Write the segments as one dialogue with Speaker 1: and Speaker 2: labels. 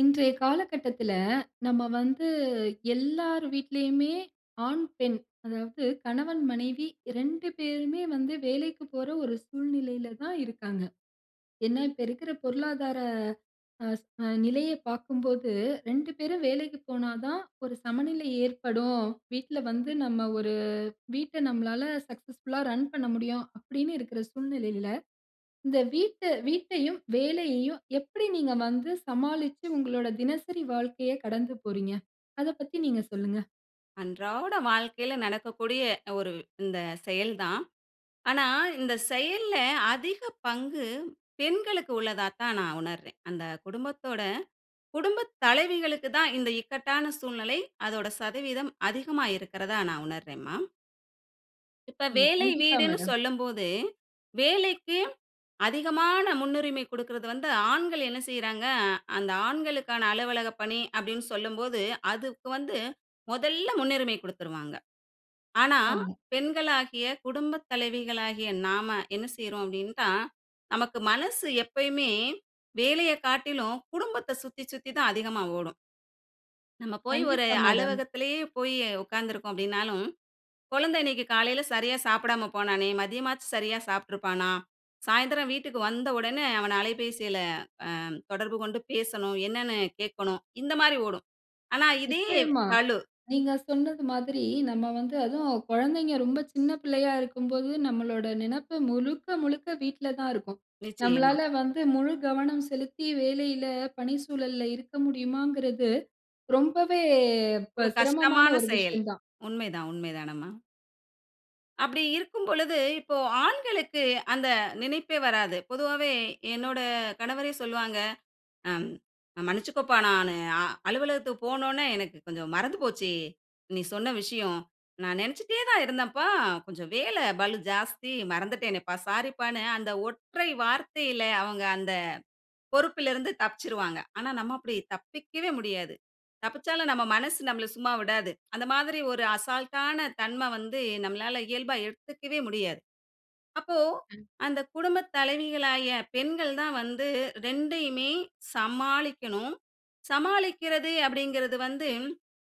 Speaker 1: இன்றைய காலகட்டத்தில, நம்ம வந்து எல்லார் வீட்லயுமே ஆண், பெண், அதாவது கணவன், மனைவி 2 பேருமே வந்து வேலைக்கு போற ஒரு சூழ்நிலையில தான் இருக்காங்க. ஏன்னா, இப்ப இருக்கிற பொருளாதார அஸ் அ நிலையை பார்க்கும்போது 2 பேரும் வேலைக்கு போனா தான் ஒரு சமநிலை ஏற்படும். வீட்ல வந்து நம்ம ஒரு வீட்ட நம்மளால சக்சஸ்ஃபுல்லா ரன் பண்ண முடியும். அப்படின்னு இருக்கிற சூழ்நிலையில, இந்த வீட்டை வீட்டையும் வேலையையும் எப்படி நீங்க வந்து சமாளிச்சு உங்களோட தினசரி வாழ்க்கையை கடந்து போறீங்க? அதை பத்தி நீங்க சொல்லுங்க.
Speaker 2: அன்றாட வாழ்க்கையில நடக்கக்கூடிய ஒரு இந்த செயல் தான். ஆனா, இந்த செயல்ல அதிக பங்கு பெண்களுக்கு உள்ளதாத்தான் நான் உணர்றேன். அந்த குடும்பத்தோட, குடும்பத் தலைவிகளுக்கு தான் இந்த இக்கட்டான சூழ்நிலை அதோட சதவீதம் அதிகமா இருக்கிறதா நான் உணர்றேன்ம்மா. இப்ப
Speaker 1: ம்.
Speaker 2: வேலை
Speaker 1: கண்டிப்பா
Speaker 2: வீடுன்னு
Speaker 1: மேடம்.
Speaker 2: சொல்லும்போது, வேலைக்கு அதிகமான முன்னுரிமை குடுக்கிறது வந்து, ஆண்கள் என்ன செய்றாங்க, அந்த ஆண்களுக்கான அலுவலக பணி அப்படின்னு சொல்லும்போது, அதுக்கு வந்து மொதல்ல முன்னுரிமை குடுத்துருவாங்க. ஆனா
Speaker 1: ஆமா.
Speaker 2: பெண்களாகிய, குடும்பத் தலைவிகளாகிய நாம என்ன செய்றோம் அப்படின்னா, நமக்கு மனசு எப்பயுமே வேலையை காட்டிலும் குடும்பத்தை சுத்தி சுத்தி தான் அதிகமா ஓடும். நம்ம போய் ஒரு
Speaker 1: கண்டிப்பா மேடம்.
Speaker 2: அலுவலகத்திலேயே போய் உட்காந்துருக்கோம் அப்படின்னாலும், "குழந்தை இன்னைக்கு காலையில சரியா சாப்பிடாம போனானே, மதியமாச்சும் சரியா சாப்பிட்டுருப்பானா? சாயந்திரம் வீட்டுக்கு வந்த உடன அவனை அலைபேசியில அ தொடர்பு கொண்டு பேசணும். என்னன்னு கேட்கணும்." இந்த மாரி ஓடும். ஆனா இதே
Speaker 1: நிச்சயமா.
Speaker 2: பளு.
Speaker 1: நீங்க சொன்னது மாதிரி நம்ம வந்து அதுவும் குழந்தைங்க ரொம்ப சின்ன பிள்ளையா இருக்கும்போது, நம்மளோட நினைப்பு முழுக்க முழுக்க வீட்ல தான் இருக்கும்.
Speaker 2: நிச்சயமா.
Speaker 1: நம்மளால வந்து முழு கவனம் செலுத்தி வேலையில, பணிச்சூழல்ல இருக்க முடியுமாங்கிறது ரொம்பவே ப
Speaker 2: ஒரு
Speaker 1: சிரமமான
Speaker 2: கஷ்டமான
Speaker 1: ஒரு
Speaker 2: செயல்.
Speaker 1: விஷயம் தான்.
Speaker 2: உண்மைதான் உண்மை தானம்மா. அப்படி இருக்கும்பொழுது. இப்போ, ஆண்களுக்கு அந்த நினைப்பே வராது. பொதுவாவே, என்னோட கணவரே சொல்லுவாங்க. அ மன்னிச்சுக்கோப்பா நானு அ அலுவலகத்துக்கு போனோன, எனக்கு கொஞ்சம் மறந்து போச்சு! நீ சொன்ன விஷயம். நான் நெனச்சிட்டே தான் இருந்தேன்ப்பா, கொஞ்சம் வேல பலு ஜாஸ்தி, மறந்துட்டேனேப்பா, சாரிப்பான்னு அந்த ஒற்றை வார்த்தைல, அவங்க அந்த பொறுப்பிலருந்து தப்பிச்சுருவாங்க. ஆனா நம்ம அப்படி தப்பிக்கவே முடியாது. தப்பிச்சாலும் நம்ம மனசு நம்மள சும்மா விடாது. அந்த மாதிரி ஒரு அசால்டான தன்ம வந்து நம்மளால இயல்பா எடுத்துக்கவே முடியாது. அப்போ,
Speaker 1: அ.
Speaker 2: அந்த குடும்ப தலைவிகளாகிய பெண்கள் தான் வந்து 2யுமே சமாளிக்கணும். சமாளிக்கிறது அப்படிங்கிறது வந்து,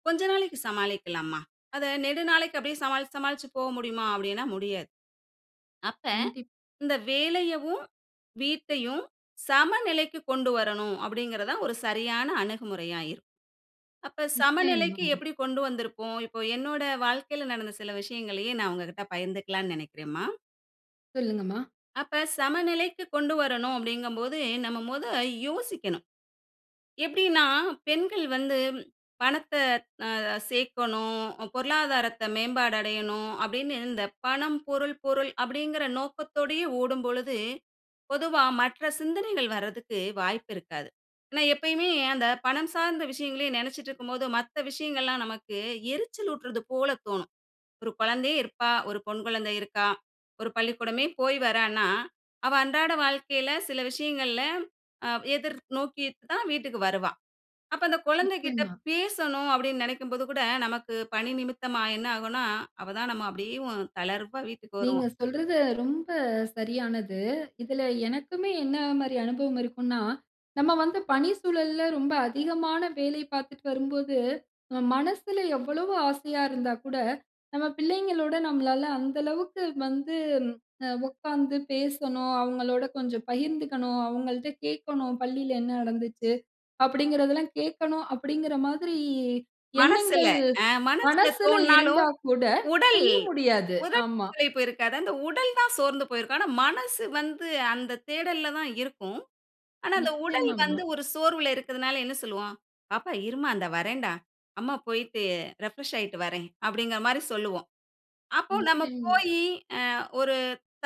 Speaker 2: கொஞ்ச நாளைக்கு சமாளிக்கலாம்மா. அத நெடு நாளைக்கு அப்படியே சமாளிச்சு, சமாளிச்சு போ முடியுமா அப்படின்னா, முடியாது. அப்ப
Speaker 1: கண்டிப்
Speaker 2: இந்த வேலையவும், வீட்டையும் சமநிலைக்கு கொண்டு வரணும் அப்படிங்கிறது தான் ஒரு சரியான அணுகுமுறையா இருக்கும். அப்ப சமநிலைக்கு
Speaker 1: நிச்சயமாம்மா.
Speaker 2: எப்படி கொண்டு வந்திருப்போம்? இப்போ என்னோட வாழ்க்கைல நடந்த சில விஷயங்களையே நான் உங்க கிட்ட பகிர்ந்துக்கலாம்ன்னு நெனைக்கிறேன்ம்மா.
Speaker 1: புரியிதுங்கம்மா.
Speaker 2: அப்ப சமநிலைக்கு கொண்டு வரணு அப்டிங்கும் போது, நம்ம மொத யோசிக்கணும். எப்டின்னா பெண்கள் வந்து பணத்த அ சேர்க்கணும், பொருளாதாரத்த மேம்பாடு அடையணும் அப்டின்னு இந்த பணம், பொருள், பொருள் அப்படிங்கிற நோக்கத்தோடைய ஓடும்பொழுது, பொதுவா மற்ற சிந்தனைகள் வரதுக்கு வாய்ப்பு இருக்காது. ஏன்னா, எப்பயுமே அந்த பணம் சார்ந்த விஷயங்களையே நினைச்சிட்டு இருக்கும்போது மத்த விஷயங்கள்லாம் நமக்கு எரிச்சல் ஊட்றது போல தோணும். ஒரு குழந்தையே இருப்பா, ஒரு பெண் குழந்தை இருக்கா, ஒரு பள்ளிக்கூடமே போய் வரான்னா. அவ அன்றாட வாழ்க்கையில சில விஷயங்கள்ல அ எதிர் நோக்கி தான் வீட்டுக்கு வருவா. அப்ப அந்த குழந்தைகிட்ட
Speaker 1: நிச்சயமா.
Speaker 2: பேசணும் அப்டின்னு நினைக்கும்போது கூட நமக்கு பணி நிமித்தமா என்ன ஆகும்னா, அவ தான் நம்ம அப்டியேவு தளர்வா வீட்டுக்கு வருவோம்
Speaker 1: நீங்க சொல்றது ரொம்ப சரியானது. இதுல எனக்குமே என்ன மாரி அனுபவம் இருக்குன்னா, நம்ம வந்து பணி சூழல்ல ரொம்ப அதிகமான வேலை பார்த்துட்டு வரும்போது, மனசுல எவ்வளவு ஆசையா இருந்தா கூட, நம்ம பிள்ளைங்களோடு நம்மளால அந்த அளவுக்கு வந்து, அ உட்கார்ந்து பேசணும், அவங்களோட கொஞ்சம் பகிர்ந்துகணும். அவங்கள்ட கேட்கணும், "பள்ளியில என்ன நடந்துச்சு." அப்டிங்கிறதெல்லாம், கேட்கணும் அப்டிங்கிற மாதிரி
Speaker 2: மனசுல
Speaker 1: எண்ணங்கள்
Speaker 2: ஆ மனசுல
Speaker 1: மனசுல
Speaker 2: தோன்னாலும்.
Speaker 1: இருந்தா கூட
Speaker 2: உடல்
Speaker 1: செய்ய முடியாது.
Speaker 2: உடல்
Speaker 1: ஆமா.
Speaker 2: களைப்பு இருக்காது. அந்த உடல் தான் சோர்ந்து போயிருக்கும். ஆனா, மனசு வந்து அந்த தேடல்ல தான் இருக்கும். ஆனா, அந்த உடல்
Speaker 1: நிச்சயமா மா.
Speaker 2: வந்து ஒரு சோர்வுல இருக்குறதனால என்ன சொல்வோம், "பாப்பா இருமா இந்த வர்றேன்டா. அம்மா போய்ட்டு ரிஃப்ரெஷ் ஆயிட்டு வர்றேன்" அப்டிங்கிற மாரி சொல்லுவோம். அப்போ நம்ம
Speaker 1: நிச்சயமா.
Speaker 2: போயி அ ஒரு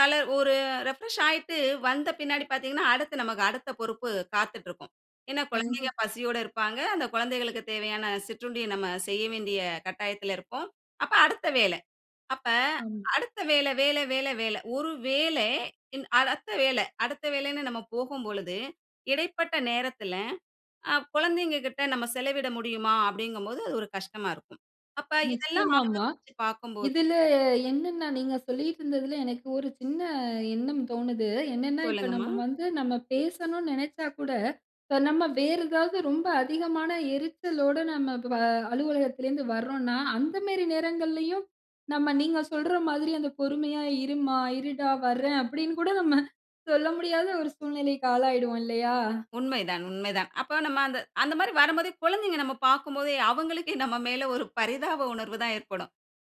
Speaker 2: தல ஒரு ரிஃப்ரெஷ் ஆயிட்டு வந்த பின்னாடி பார்த்திங்கன்னா, அடுத்து நமக்கு அடுத்த பொறுப்பு காத்துட்டு இருக்கும். ஏன்னா, குழந்தைங்க
Speaker 1: கண்டிப்பா.
Speaker 2: பசியோடு இருப்பாங்க. அந்த குழந்தைகளுக்குத் தேவையான சிற்றுண்டிய நம்ம செய்ய வேண்டிய கட்டாயத்துல இருப்போம். அப்போ அடுத்த வேலை அப்போ
Speaker 1: ஆமா.
Speaker 2: அடுத்த வேல வேல வேல வேல ஒரு வேலை ன் அடுத்த வேலை அடுத்த வேலைன்னு நம்ம போகும்பொழுது இடைப்பட்ட நேரத்துல, அ குழந்தைங்க கிட்ட நம்ம செலவிட முடியுமா அப்டிங்கும்போது அது ஒரு கஷ்டமா இருக்கும். அப்ப இதெல்லாம்
Speaker 1: நிச்சயமா மா.
Speaker 2: ஆலோசிச்சு பார்க்கும்போது
Speaker 1: இதுல என்னென்னா நீங்க சொல்லிட்டு இருந்ததுல எனக்கு ஒரு சின்ன எண்ணம் தோணுது. என்னென்னா இப்ப
Speaker 2: சொல்லுங்கம்மா.
Speaker 1: நம்ம வந்து, நம்ம பேசணுனு நினச்சா கூட, நம்ம வேறு ஏதாவது ரொம்ப அதிகமான எரிச்சலோடு நம்ம ப அலுவலகத்திலருந்து வர்றோன்னா, அந்த மாரி நேரங்கள்லயும் நம்ம நீங்க சொல்ற மாதிரி அந்த பொறுமையா, "இருமா, இருடா வர்றேன்," அப்டினு கூட நம்ம சொல்ல முடியாத ஒரு சூழ்நிலைக்கு ஆளாயிடுவோம் இல்லையா?
Speaker 2: உண்மை தான் உண்மை தான். அப்ப நம்ம அந்த அந்த மாரி வரும்போதே குழந்தைங்க நம்ம பார்க்கும்போது அவங்களுக்கே நம்ம மேல ஒரு பரிதாப உணர்வு தான் ஏற்படும்.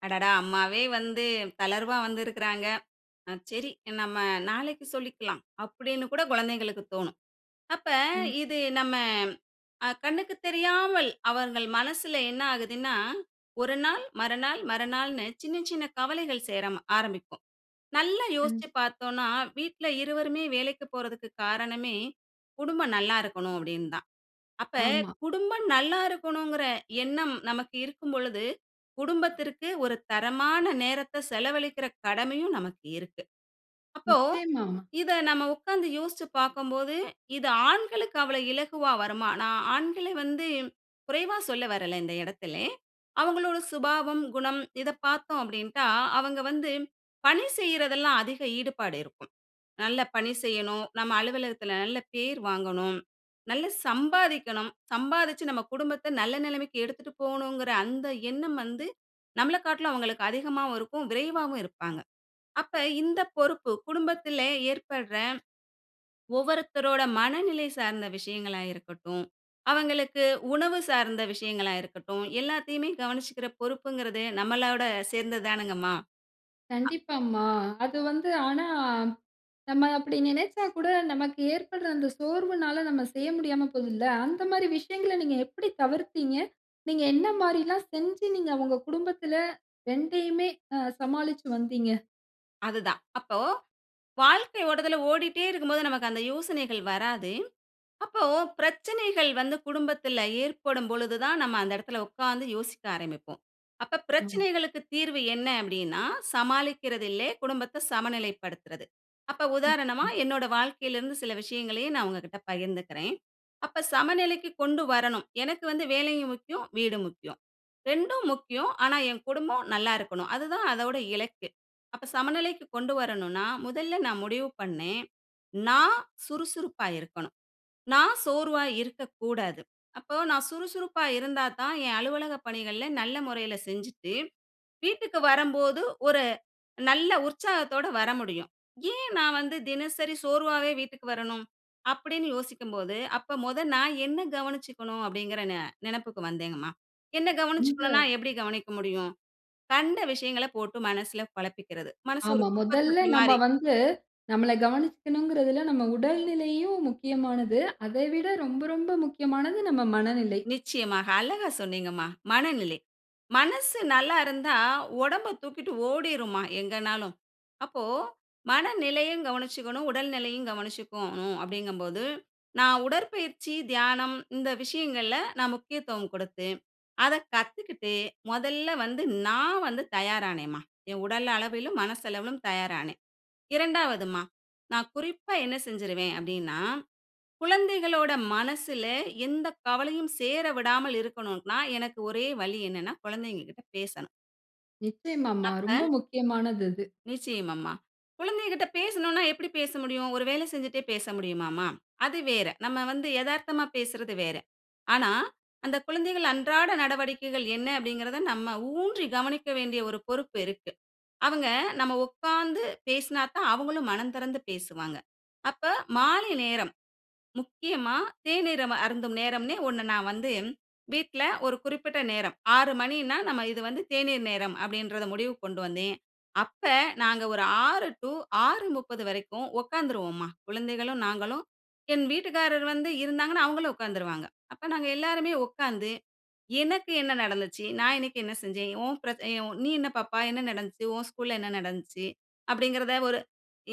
Speaker 2: "அடடா! அம்மாவே வந்து தளர்வா வந்து இருக்கிறாங்க. சரி நம்ம நாளைக்கு சொல்லிக்கெல்லாம்" அப்டின்னு கூட குழந்தைகளுக்கு தோன்னும். அப்ப
Speaker 1: ம்.
Speaker 2: இது நம்ம அ கண்ணுக்கு தெரியாமல் அவர்கள் மனசுல என்ன ஆகுதுன்னா, ஒரு நாள் மறுநாள் மறுநாள்னு சின்ன சின்ன கவலைகள் சேர ஆரம்பிக்கும். நல்லா
Speaker 1: ம்.
Speaker 2: யோசிச்சு பார்த்தோன்னா, வீட்ல இருவருமே வேலைக்கு போறதக்கு காரணமே குடும்பம் நல்லா இருக்கணும் அப்டின்னு தான். அப்ப
Speaker 1: ஆமா.
Speaker 2: குடும்பம் நல்லா இருக்கணும்ங்கிற எண்ணம் நமக்கு இருக்கும் பொழுது குடும்பத்திற்கு ஒரு தரமான நேரத்த செலவழிக்கிற கடமையும் நமக்கு இருக்கு. அப்போ,
Speaker 1: நிச்சயமா மா.
Speaker 2: இத நம்ம உட்கார்ந்து யோசிச்சு பார்க்கும்போது இது ஆண்களுக்கு அவ்வளவு இலகுவா வருமா? நான் ஆண்கள வந்து குறைவா சொல்ல வரல இந்த இடத்தில. அவங்களோட சுபாவம், குணம் இத பார்த்தோம் அப்டின்டா அவங்க வந்து, பணி செய்றதெல்லாம் அதிக ஈடுபாடு இருக்கும். நல்ல பணி செய்யணும், நம்ம அலுவலகத்துல நல்ல பேர் வாங்கணும், நல்லா சம்பாதிக்கணும். சம்பாதிச்சு நம்ம குடும்பத்த நல்ல நிலைமைக்கு எடுத்துகிட்டு போகணுங்கிற அந்த எண்ணம் வந்து, நம்மள காட்லும் அவங்களுக்கு அதிகமாவும் இருக்கும், விரைவாவும் இருப்பாங்க. அப்ப இந்த பொறுப்பு குடும்பத்துல ஏற்பட்ற ஒவ்வொருத்தரோட மனநிலை சார்ந்த விஷயங்களா இருக்கட்டும், அவங்களுக்கு உணவு சார்ந்த விஷயங்களா இருக்கட்டும். எல்லாத்தையுமே கவனிச்சுக்கிற பொறுப்புங்கிறது நம்ளோட சேர்ந்தது தானங்கம்மா. ஆ
Speaker 1: கண்டிப்பா மா. அது வந்து. ஆனா, நம்ம அப்படி நினச்சா கூட நமக்கு ஏற்படுற அந்த சோர்வுனால நம்ம செய்ய முடியாம போதுல்ல. அந்த மாதிரி விஷயங்கள நீங்க எப்படி தவிர்த்தீங்க? நீங்க என்ன மாரி எல்லாம் செஞ்சு நீங்க உங்க குடும்பத்துல 2யுமே அ சமாளிச்சு வந்தீங்க?
Speaker 2: அதுதான். அப்போ, வாழ்க்கை ஓட்டத்தில ஓடிட்டே இருக்கும்போது நமக்கு அந்த யோசனைகள் வராது. அப்போ பிரச்சனைகள் வந்து குடும்பத்தில ஏற்படும் பொழுது தான், நம்ம அந்த இடத்தில உட்கார்ந்து யோசிக்க ஆரம்பிப்போம். அப்ப
Speaker 1: ஆம்.
Speaker 2: பிரச்சனைகளுக்கு தீர்வு என்ன அப்படின்னா, சமாளிக்கிறது இல்ல, குடும்பத்தை சமநிலைப்படுத்துறது. அப்ப உதாரணமா
Speaker 1: [unintelligible]
Speaker 2: என்னோட வாழ்க்கையில இருந்து சில விஷயங்களையே நான் உங்ககிட்ட பகிர்ந்துக்கிறேன். அப்ப சமநிலைக்கு கொண்டு வரணும். எனக்கு வந்து வேலையும் முக்கியம், வீடும் முக்கியம். ரெண்டும் முக்கியம். ஆனா என் குடும்பம் நல்லா இருக்கனும். அதுதான் அதோட இலக்கு. அப்ப சமநிலைக்கு கொண்டு வரணும்னா முதல்ல நான் முடிவு பண்ணேன், நான் சுறுசுறுப்பா இருக்கனும், நான் சோர்வா இருக்கக்கூடாது. அப்ப நான் சுறுசுறுப்பா இருந்தாத்தான் என் அலுவலக பணிகள்ல நல்ல முறையில செஞ்சுட்டு, வீட்டுக்கு வரம்போது ஒரு நல்ல உற்சாகத்தோட வர முடியும். "ஏன் நான் வந்து தினசரி சோர்வாவே வீட்டுக்கு வரணும்?" அப்படின்னு யோசிக்கும்போது, "அப்ப முத நான் என்னை கவனிச்சுக்கணும்." அப்படிங்கிற நெ நெனைப்புக்கு வந்தேங்கம்மா. என்னை
Speaker 1: உங்க
Speaker 2: கவனிச்சுக்கணும்னா, எப்படி கவனிக்க முடியும்? கண்ட விஷயங்களை போட்டு மனசில குழப்பிக்கிறது. மனசு ஒரு
Speaker 1: ஆமா.
Speaker 2: குப்பை
Speaker 1: முதல்ல
Speaker 2: தொட்டி
Speaker 1: நம்ம
Speaker 2: மாரி.
Speaker 1: வந்து நம்மள கவனிச்சுக்கனுங்கிறதுல்ல, நம்ம உடல் நிலையும் முக்கியமானது. அதை விட ரொம்ப ரொம்ப முக்கியமானது நம்ம மனநிலை.
Speaker 2: நிச்சயமாக. அழகா சொன்னீங்கம்மா. "மனநிலை." மனசு நல்லா இருந்தா, உடம்பை தூக்கிட்டு ஓடிரும்மா எங்கன்னாலும். அப்போ மனநிலையும் கவனிச்சுக்கணும், உடல் நிலையும் கவனிச்சுக்கோணும் அப்படிங்கும்போது, நான் உடற்பயிற்சி, தியானம் இந்த விஷயங்கள்ல நான் முக்கியத்துவம் குடுத்து, அதை கத்துக்கிட்டு முதல்ல வந்து நான் வந்து தயார் ஆனேம்மா. என் உடல் அளவிலும், மனசளவிலும் தயார் ஆனேன். இரண்டாவதும்மா நான் குறிப்பா என்ன செஞ்சுருவேன் அப்படின்னா, குழந்தைகளோட மனசில எந்த கவலையும் சேர விடாமல் இருக்கக்கணும்னா, எனக்கு ஒரே வழி என்னன்னா குழந்தைங்ககிட்ட பேசணும்.
Speaker 1: நிச்சயமாம்மா.
Speaker 2: அப்ப
Speaker 1: ரொம்ப முக்கியமானது அது.
Speaker 2: நிச்சயமாம்மா. குழந்தைகள்ட்ட பேசணும்னா, எப்படி பேச முடியும்? ஒரு வேலை செஞ்சுட்டே பேச முடியுமாம்மா? அது வேற. நம்ம வந்து எதார்த்தமா பேசுறது வேற. ஆனா, "அந்த குழந்தைகள் அன்றாட நடவடிக்கைகள் என்ன?" அப்படீங்கிறத, நம்ம ஊன்றி கவனிக்க வேண்டிய ஒரு பொறுப்பு இருக்கு. அவுங்க, நம்ம உக்காந்து பேசுனாத்தான் அவுங்களும் மனந்திறந்து பேசுவாங்க. அப்ப மாலை நேரம், முக்கியமா தேநீர் நம்ம அம அருந்தும் நேரம்ன்னே ஒண்ணு நான் வந்து வீட்ல ஒரு குறிப்பிட்ட நேரம். "6:00 மணின்னா, நம்ம இது வந்து தேநீர் நேரம்." அப்படின்றத முடிவுக்கு கொண்டு வந்தேன். அப்ப நாங்க ஒரு 6:00 டூ 6:30 வரைக்கும் உக்காந்துருவோம்மா. குழந்தைகளும், நாங்களும், என் வீட்டுக்காரரு வந்து இருந்தாங்கன்னா அவுங்களும் உக்காந்துருவாங்க. அப்ப நாங்க எல்லாருமே உக்காந்து, "எனக்கு என்ன நடந்துச்சு? நான் இன்னைக்கு என்ன செஞ்சேன்? உன் பிரச் எ உ நீ என்ன பாப்பா? என்ன நடந்துச்சு? உன் ஸ்கூல்ல என்ன நடந்துச்சு?" அப்படீங்கிறத ஒரு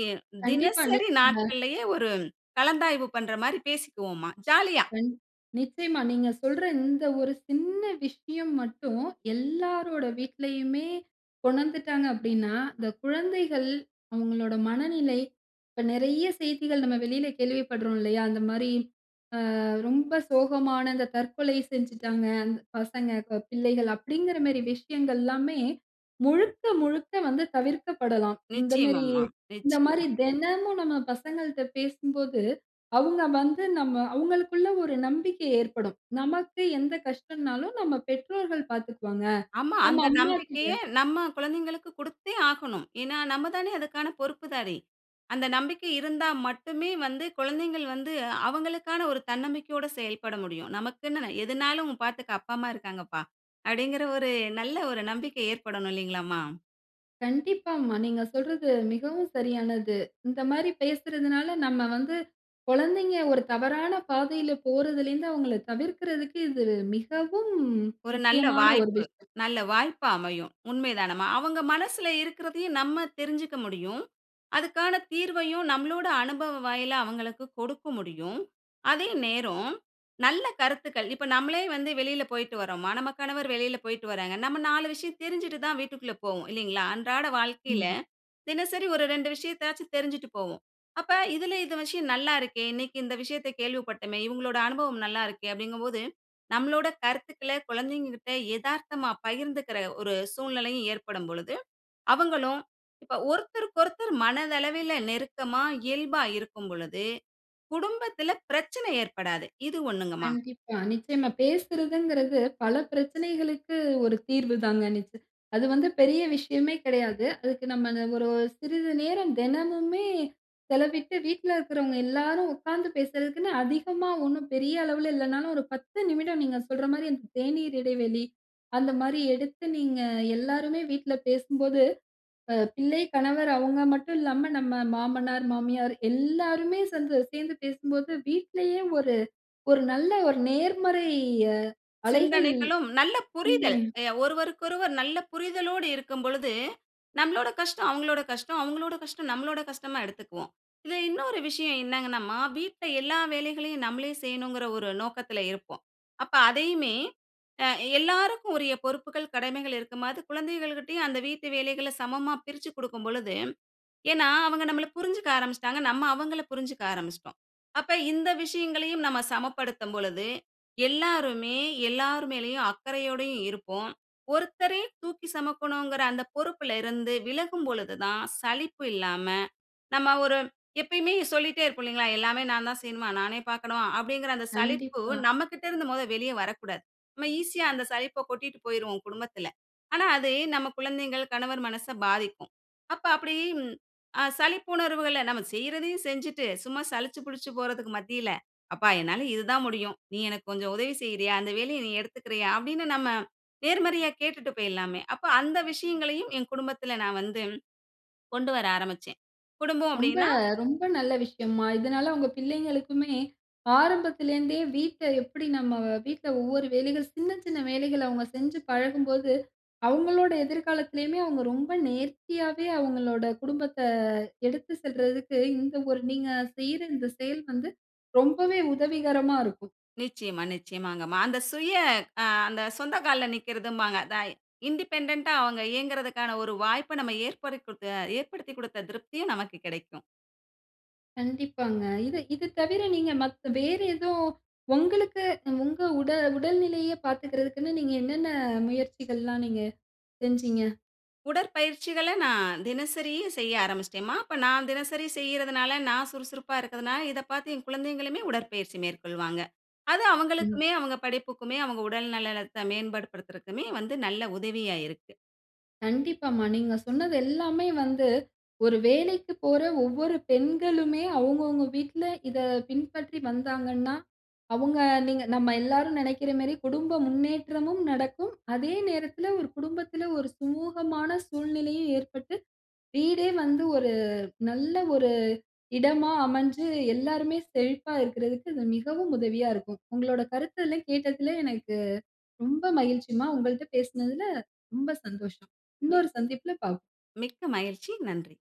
Speaker 2: ஏ
Speaker 1: கண்டிப்பா.
Speaker 2: தினசரி
Speaker 1: நீங்க
Speaker 2: நாட்கள்லயே ஒரு கலந்தாய்வு பண்ணுற மாரி பேசிக்குவோம்மா, ஜாலியா.
Speaker 1: கண் நிச்சயமா. நீங்க சொல்ற இந்த ஒரு சின்ன விஷயம் மட்டும், எல்லாரோட வீட்லயுமே உணர்ந்துட்டாங்க அப்படீன்னா, இந்த குழந்தைகள் அவுங்களோட மனநிலை இப்ப நெறைய செய்திகள் நம்ம வெளில கேள்விப்படுறோம், இல்லையா? இந்த மாரி அ ரொம்ப சோகமான இந்த, "தற்கொலை செஞ்சுட்டாங்க, அந் பசங்க ப பிள்ளைகள்." அப்படீங்கிற மேரி விஷயங்கள்லாமே, முழுக்க முழுக்க வந்து தவிர்க்கப்படலாம். இந்த மேரி
Speaker 2: நிச்சயமாம்மா.
Speaker 1: இந்த
Speaker 2: நிச்சயமா.
Speaker 1: மாரி தினமும் நம்ம பசங்கள்ட்ட பேசும்போது, அவுங்க வந்து நம்ம அவுங்களுக்குள்ள ஒரு நம்பிக்கை ஏற்படும். நமக்கு எந்த கஷ்டம்னாலும், நம்ம பெற்றோர்கள் பாத்துக்குவாங்க.
Speaker 2: ஆமா!
Speaker 1: நம்ம
Speaker 2: அந்த
Speaker 1: அம்மா கிட்ட
Speaker 2: நம்பிக்கையை நம்ம குழந்தைங்களுக்கு குடுத்தே ஆகணும். ஏன்னா, நம்ம தானே அதுக்கான பொறுப்புதாரி. அந்த நம்பிக்கை இருந்தா மட்டுமே வந்து குழந்தைங்கள் வந்து அவங்களுக்கான ஒரு தன்னம்பிக்கையோட செயல்பட முடியும். "நமக்குன்னு எதுனாலும் பாத்துக்க அப்பா, அம்மா இருக்காங்கப்பா!" அப்படீங்கிற ஒரு நல்ல ஒரு நம்பிக்கை ஏற்படணும் இல்லைங்களாம்மா?
Speaker 1: கண்டிப்பாம்மா. நீங்க சொல்றது மிகவும் சரியானது. இந்த மாரி பேசுறதனால, நம்ம வந்து கொழந்தைங்க ஒரு தவறான பாதையில போறதிலிந்து அவுங்கள தவிர்க்கிறதற்கு இது மிகவும்
Speaker 2: ஒரு நல்ல
Speaker 1: முக்கியமான ஒரு
Speaker 2: வாய்ப்பு
Speaker 1: விஷயம்.
Speaker 2: நல்ல வாய்ப்பா அமையும். உண்மைதானம்மா? அவுங்க மனசுல இருக்குறதையும் நம்ம தெரிஞ்சுக்க முடியும். அதுக்கான தீர்வையும் நம்ளோட அனுபவ வாயிலா அவுங்களுக்கு கொடுக்க முடியும். அதே நேரம், நல்ல கருத்துக்கள் இப்ப நம்மலே வந்து வெளில போயிட்டு வர்றோமா, நம்ம கணவர் வெளில போயிட்டு வர்றாங்க. நம்ம 4 விஷயம் தெரிஞ்சுட்டு தான் வீட்டுக்குள்ள போவோம் இல்லிங்களா? அன்றாட
Speaker 1: ம்.
Speaker 2: வாழ்க்கையில,
Speaker 1: மா.
Speaker 2: தினசரி ஒரு 2 விஷயத்தயாச்சு தெரிஞ்சுட்டு போவோம். அப்ப இதுல "இந்த விஷயம் நல்லாருக்கே, இன்னக்கி இந்த விஷயத்த கேள்விப்பட்டமே, இவுங்களோட அனுபவம் நல்லாருக்கே" அப்டிங்கும் போது நம்மளோட கருத்துக்கள கொழந்தைங்க கிட்ட எதார்த்தமா பகிர்ந்துக்கிற ஒரு சூழ்நிலையும் ஏற்படும் பொழுது, அவுங்களும் இப்ப ஒருத்தருக்கொருத்தர் மனதளவில நெருக்கமா, இயல்பா இருக்கும் பொழுது குடும்பத்துல பிரச்சனை ஏற்படாது, இது ஒண்ணுங்கம்மா.
Speaker 1: கண்டிப்பா. நிச்சயமா. பேசுறதுங்கிறது பல பிரச்சனைகளுக்கு ஒரு தீர்வு தாங்க நிச்சய அது வந்து பெரிய விஷயமே கெடையாது. அதுக்கு நம்ம அந்த ஒரு சிறிது நேரம் தெனமுமே செலவிட்டு, வீட்ல இருக்குறவங்க எல்லாரும் உக்காந்து பேசுறதக்குன்னு அதிகமா ஒண்ணும் பெரிய அளவுல இல்லனாலும், ஒரு 10 நிமிடம் நீங்க சொல்ற மாரி அந்த தேநீர் இடைவெளி அந்த மாதிரி எடுத்து, நீங்க எல்லாருமே வீட்ல பேசும்போது, அ பிள்ளை, கணவர் அவுங்க மட்டும் இல்லாம, நம்ம மாமனார், மாமியார் எல்லாருமே சேந்து சேந்து பேசும்போது, வீட்லயே ஒரு ஒரு நல்ல ஒரு நேர்மறைய அலைகள்.
Speaker 2: சிந்தனைகளும், நல்ல
Speaker 1: ம்.
Speaker 2: புரிதல்
Speaker 1: தனே
Speaker 2: எ ஒருவருக்கொருவர் நல்ல புரிதலோடு இருக்கும் பொழுது, நம்பளோட கஷ்டம் அவுங்களோட கஷ்டம், அவுங்களோட கஷ்டம் நம்ளோட கஷ்டமா எடுத்துக்குவோம். இதுல இன்னொரு விஷயம் என்னங்கன்னாம்மா, வீட்ல எல்லா வேலைகளையும் நம்மளே செய்யணுங்கிற ஒரு நோக்கத்துல இருப்போம். அப்ப அதையுமே, அ எல்லாருக்கும் உரிய பொறுப்புகள் கடமைகள் இருக்கும். அது குழந்தைகள்கிட்டயும் அந்த வீட்டு வேலைகள சமமா பிரிச்சு குடுக்கும் பொழுது, ஏன்னா அவுங்க நம்மள புரிஞ்சுக்க ஆரம்பிச்சுடாங்க, நம்ம அவுங்கள புரிஞ்சுக்க ஆரம்பிச்சுடோம். அப்ப இந்த விஷயங்களையும் நம்ம சமப்படுத்தும் பொழுது, எல்லாருமே எல்லார் மேலயும் அக்கறையோடையும் இருப்போம். ஒருத்தரே தூக்கி செமக்கணுங்கிற அந்த பொறுப்புல இருந்து விலகும் பொழுது தான் சளிப்பு இல்லாம, நம்ம ஒரு எப்பயுமே சொல்லிட்டே இருப்போம் இல்லிங்களா? "எல்லாமே நான் தான் செய்யணுமா? நானே பாக்கணுமா?" அப்டிங்கிற அந்த சலிப்பு
Speaker 1: கண்டிப்பா.
Speaker 2: நம்மகிட்ட இருந்து மொத வெளிய வரக்கூடாது. நம்ம ஈஸியா அந்த சலிப்ப கொட்டிட்டு போயிருவோம் குடும்பத்துல, ஆனா அது நம்ம குழந்தைங்கள், கணவர் மனச பாதிக்கும். அப்ப அப்படி ம் அ சலிப்புணர்வுகள நம்ம செய்றதையும் செஞ்சுட்டு, சும்மா சலிச்சி புலிச்சி போறதுக்கு மத்தியில, "அப்பா என்னால இதுதான் முடியும், நீ எனக்கு கொஞ்சம் உதவி செய்யிறியா? அந்த வேலையை நீ எடுத்துக்கிறயா?" அப்டின்னு நம்ம நேர்மறையா கேட்டுட்டு பேயிடலாமே. அப்ப அந்த விஷயங்களையும் என் குடும்பத்துல நா வந்து கொண்டு வர ஆரம்பிச்சேன். குடும்பம்
Speaker 1: ரொம்ப
Speaker 2: அப்படின்னா
Speaker 1: ரொம்ப நல்ல விஷயம்மா. இதனால உங்க பிள்ளைங்களுக்குமே, ஆரம்பத்திலேந்தே வீட்ட எப்படி நம்ம வ வீட்ல ஒவ்வொரு வேலைகள், சின்ன சின்ன வேலைகள அவுங்க செஞ்சி பழகும்போது, அவுங்களோட எதிர்காலத்திலயுமே அவுங்க ரொம்ப நேர்த்தியாவே அவுங்களோட குடும்பத்த எடுத்து செல்றதுக்கு இந்த ஒரு நீங்க செய்யிற இந்த செயல் வந்து ரொம்பவே உதவிகரமா இருக்கும்.
Speaker 2: நிச்சயமா, நிச்சயமாங்கம்மா. அந்த சுய அ அந்த சொந்த கால்ல நிக்கிறதும்பாங்க. அத இண்டிபெண்டென்ட்டா அவுங்க இயங்குறதுக்கான ஒரு வாய்ப்ப நம்ம ஏற்படுத்திகுதுக்க ஏற்படுத்திக் குடுத்த திருப்தியும் நமக்கு கெடைக்கும்.
Speaker 1: கண்டிப்பாங்க. இது இது தவிர நீங்க மத் வேறு ஏதோ உங்களுக்கு, உங்க உடல் உடல்நிலைய பாத்துகிறதுக்குனு நீங்க என்னென்ன முயற்சிகள்லாம் நீங்க செஞ்சீங்க?
Speaker 2: உடற்பயிற்சிகள நான் தினசரியும் செய்ய ஆரம்பிச்சிட்டேன்ம்மா. இப்ப நான் தினசரி செய்யிறதுனால, நான் சுறுசுறுப்பா இருக்கதுனால, இத பாத்து என் குழந்தைங்களுமே உடற்பயிற்சி மேற்கொள்வாங்க. அது
Speaker 1: ம்.
Speaker 2: அவுங்களுக்குமே, அவுங்க படிப்புக்குமே, அவுங்க உடல் நலத்த மேன்பாடு படுத்துறதுக்குமே வந்து நல்ல உதவியா இருக்கு.
Speaker 1: கண்டிப்பாம்மா. நீங்க சொன்னது எல்லாமே வந்து ஒரு வேலைக்கு போற ஒவ்வொரு பெண்களுமே அவுங்கவுங்க வீட்ல இத பின்பற்றி வந்தாங்கன்னா, அவுங்க நீங்க நம்ம எல்லாரும் நெனக்கிற மாரி குடும்ப முன்னேற்றமும் நடக்கும், அதே நேரத்துல ஒரு குடும்பத்துல, ஒரு சுமூகமான சூழ்நிலையும் ஏற்பட்டு, வீடே வந்து ஒரு நல்ல ஒரு இடமா அமஞ்சு, எல்லாருமே செழிப்பா இருக்குறதுக்கு இது மிகவும் உதவியா இருக்கும். உங்களோட கருத்து எல்லாம் கேட்டத்துல எனக்கு ரொம்ப மகிழ்ச்சிமா, உங்கள்ட்ட பேசுனதுல ரொம்ப சந்தோஷம்.
Speaker 2: மி
Speaker 1: இன்னொரு சந்திப்பில பாப்போம்.
Speaker 2: மிக்க மகிழ்ச்சி. நன்றி.